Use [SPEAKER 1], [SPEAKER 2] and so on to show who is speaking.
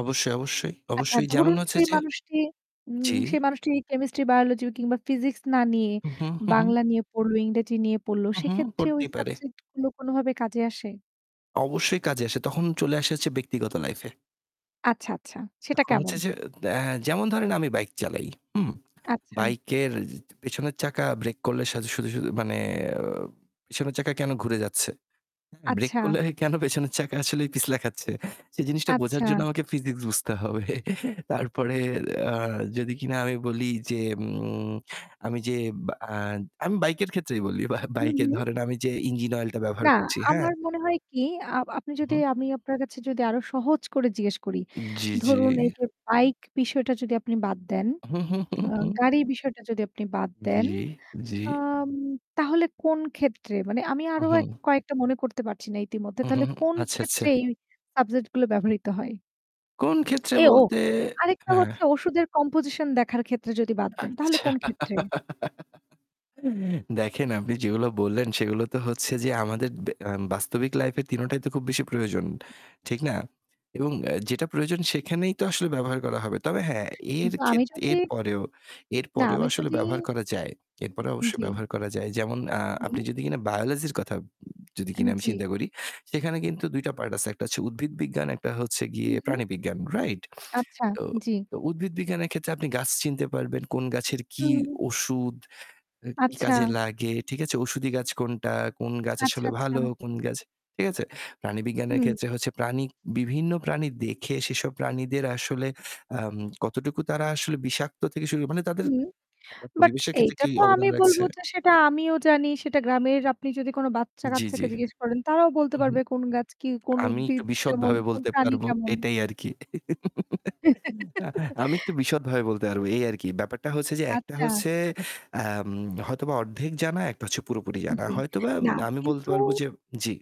[SPEAKER 1] অবশ্যই, অবশ্যই,
[SPEAKER 2] আচ্ছা,
[SPEAKER 1] অবশ্যই, যেমন
[SPEAKER 2] ধরুন,
[SPEAKER 1] হচ্ছে
[SPEAKER 2] সেই
[SPEAKER 1] যে
[SPEAKER 2] মানুষটি উম
[SPEAKER 1] জ্বি।
[SPEAKER 2] সেই মানুষটি কেমিস্ট্রি, বায়োলজি কিংবা ফিজিক্স না নিয়ে
[SPEAKER 1] হু, হু, হু, হু।
[SPEAKER 2] বাংলা নিয়ে পড়ল, ইংরেজি নিয়ে পড়ল
[SPEAKER 1] উহু।
[SPEAKER 2] সেক্ষেত্রে ওই
[SPEAKER 1] পড়তেই পারে।
[SPEAKER 2] সাবজেক্ট গুলো কোনোভাবে কাজে আসে?
[SPEAKER 1] অবশ্যই কাজে আসে। তখন চলে এসেছে ব্যক্তিগত লাইফে।
[SPEAKER 2] আচ্ছা, আচ্ছা। সেটা
[SPEAKER 1] এখন
[SPEAKER 2] কেমন?
[SPEAKER 1] হচ্ছে যে এ যেমন ধরেন আমি বাইক চালাই। হু?
[SPEAKER 2] আচ্ছা।
[SPEAKER 1] বাইকের পেছনের চাকা ব্রেক করলে শুধু, শুধু মানে পেছনের চাকা কেনো ঘুরে যাচ্ছে? হ্যাঁ? ব্রেক
[SPEAKER 2] আচ্ছা।
[SPEAKER 1] করলে কেনো পেছনের চাকা আসলেই পিছলা খাচ্ছে। সেই জিনিসটা বোঝার জন্য
[SPEAKER 2] আচ্ছা।
[SPEAKER 1] আমাকে ফিজিক্স বুঝতে হবে। তারপরে আ যদি কিনা আমি বলি যে উম আমি যে বা আমি বাইকের ক্ষেত্রেই বলি বা
[SPEAKER 2] হু,
[SPEAKER 1] বাইকে
[SPEAKER 2] হু।
[SPEAKER 1] ধরেন আমি যে ইঞ্জিন অয়েলটা ব্যবহার
[SPEAKER 2] না,
[SPEAKER 1] করছি। হ্যাঁ?
[SPEAKER 2] আমার মনে হয় কি, আ আপনি
[SPEAKER 1] হু,
[SPEAKER 2] যদি
[SPEAKER 1] হু।
[SPEAKER 2] আমি আপনার কাছে যদি আরো সহজ করে জিজ্ঞেস করি,
[SPEAKER 1] জ্বি, জ্বি।
[SPEAKER 2] ধরুন এইযে বাইক বিষয়টা যদি আপনি বাদ দেন,
[SPEAKER 1] হু, হু, হু,
[SPEAKER 2] আ
[SPEAKER 1] হু।
[SPEAKER 2] গাড়ির বিষয়টা যদি আপনি বাদ দেন,
[SPEAKER 1] জ্বি। জ্বি।
[SPEAKER 2] আম তাহলে কোন ক্ষেত্রে মানে আমি আরো এক
[SPEAKER 1] উহুম।
[SPEAKER 2] কয়েকটা মনে করতে পারছি না ইতিমধ্যে।
[SPEAKER 1] উহুম,
[SPEAKER 2] তাহলে
[SPEAKER 1] হুম।
[SPEAKER 2] কোন
[SPEAKER 1] আচ্ছা, আচ্ছা।
[SPEAKER 2] ক্ষেত্রে এই সাবজেক্ট গুলো
[SPEAKER 1] হু।
[SPEAKER 2] ব্যবহৃত হয়?
[SPEAKER 1] কোন ক্ষেত্রে
[SPEAKER 2] এ ও
[SPEAKER 1] বলতে
[SPEAKER 2] আরেকটা
[SPEAKER 1] হ্যাঁ।
[SPEAKER 2] হচ্ছে ওষুধের কম্পোজিশন দেখার ক্ষেত্রে যদি বাদ দেন, তাহলে
[SPEAKER 1] আচ্ছা।
[SPEAKER 2] কোন ক্ষেত্রে?
[SPEAKER 1] দেখেন আপনি যেগুলো বললেন সেগুলো তো হচ্ছে যে আমাদের বে আ বাস্তবিক লাইফের ৩ টাই তো খুব বেশি প্রয়োজন। ঠিক না? এবং যেটা প্রয়োজন সেখানেই তো আসলে ব্যবহার করা হবে। তবে হ্যাঁ, এর
[SPEAKER 2] কিন্তু
[SPEAKER 1] খে
[SPEAKER 2] আমি যদি
[SPEAKER 1] এরপরেও,
[SPEAKER 2] না
[SPEAKER 1] এরপরেও
[SPEAKER 2] আমি
[SPEAKER 1] আসলে
[SPEAKER 2] যদি
[SPEAKER 1] ব্যবহার করা যায়। এরপরেও অবশ্যই
[SPEAKER 2] জ্বী।
[SPEAKER 1] ব্যবহার করা যায়। যেমন আ আপনি
[SPEAKER 2] হু।
[SPEAKER 1] যদি কিনা বায়োলজির কথা উ যদি
[SPEAKER 2] আ
[SPEAKER 1] কিনা আমি
[SPEAKER 2] জ্বি।
[SPEAKER 1] চিন্তা করি। সেখানে কিন্তু ২ টা পার্ট আছে। একটা হচ্ছে উদ্ভিদ বিজ্ঞান, একটা হচ্ছে
[SPEAKER 2] হু,
[SPEAKER 1] গিয়ে
[SPEAKER 2] হু।
[SPEAKER 1] প্রাণীবিজ্ঞান। রাইট?
[SPEAKER 2] আচ্ছা,
[SPEAKER 1] তো,
[SPEAKER 2] জ্বী।
[SPEAKER 1] তো উদ্ভিদ বিজ্ঞানের ক্ষেত্রে আপনি গাছ চিনতে পারবেন, কোন গাছের কি
[SPEAKER 2] হুম।
[SPEAKER 1] ওষুধ আ কি
[SPEAKER 2] আচ্ছা।
[SPEAKER 1] কাজে লাগে, ঠিক আছে? ওষুধি গাছ কোনটা? কোন গাছ
[SPEAKER 2] আচ্ছা,
[SPEAKER 1] আসলে
[SPEAKER 2] আচ্ছা।
[SPEAKER 1] ভালো কোন গাছ ঠিক আছে? প্রাণীবিজ্ঞানের
[SPEAKER 2] হুম।
[SPEAKER 1] ক্ষেত্রে প্রাণী বিভিন্ন প্রাণী দেখে সেসব প্রাণীদের আসলে আম কতটুকু তারা আসলে বিষাক্ত থেকে শুরু করে মানে তাদের
[SPEAKER 2] হু,
[SPEAKER 1] [unintelligible]
[SPEAKER 2] বাট
[SPEAKER 1] পরিবেশের ক্ষেত্রে
[SPEAKER 2] এইটা
[SPEAKER 1] কি
[SPEAKER 2] তো আমি
[SPEAKER 1] অবদান
[SPEAKER 2] বলবো
[SPEAKER 1] রাখছে
[SPEAKER 2] যে সেটা আমিও জানি সেটা গ্রামের আপনি যদি কোনো
[SPEAKER 1] জ্বি,
[SPEAKER 2] বাচ্চা-কাচ্চাকে
[SPEAKER 1] জ্বি।
[SPEAKER 2] জিজ্ঞেস করেন তারাও বলতে
[SPEAKER 1] উহু।
[SPEAKER 2] পারবে কোন গাছ কি, কোন
[SPEAKER 1] আমি একটু
[SPEAKER 2] উদ্ভিদ কেমন,
[SPEAKER 1] বিশদভাবে
[SPEAKER 2] কোন
[SPEAKER 1] বলতে
[SPEAKER 2] প্রাণী
[SPEAKER 1] পারবো
[SPEAKER 2] কেমন।
[SPEAKER 1] এটাই আরকি। আমি একটু বিশদভাবে বলতে পারব। এই আরকি। ব্যাপারটা হচ্ছে যে একটা
[SPEAKER 2] আচ্ছা।
[SPEAKER 1] হচ্ছে আম হয়তোবা অর্ধেক জানা, একটা হচ্ছে পুরোপুরি জানা।
[SPEAKER 2] জ্বি.
[SPEAKER 1] হয়তোবা
[SPEAKER 2] না
[SPEAKER 1] আমি বলতে
[SPEAKER 2] কিন্তু
[SPEAKER 1] পারব যে জ্বি।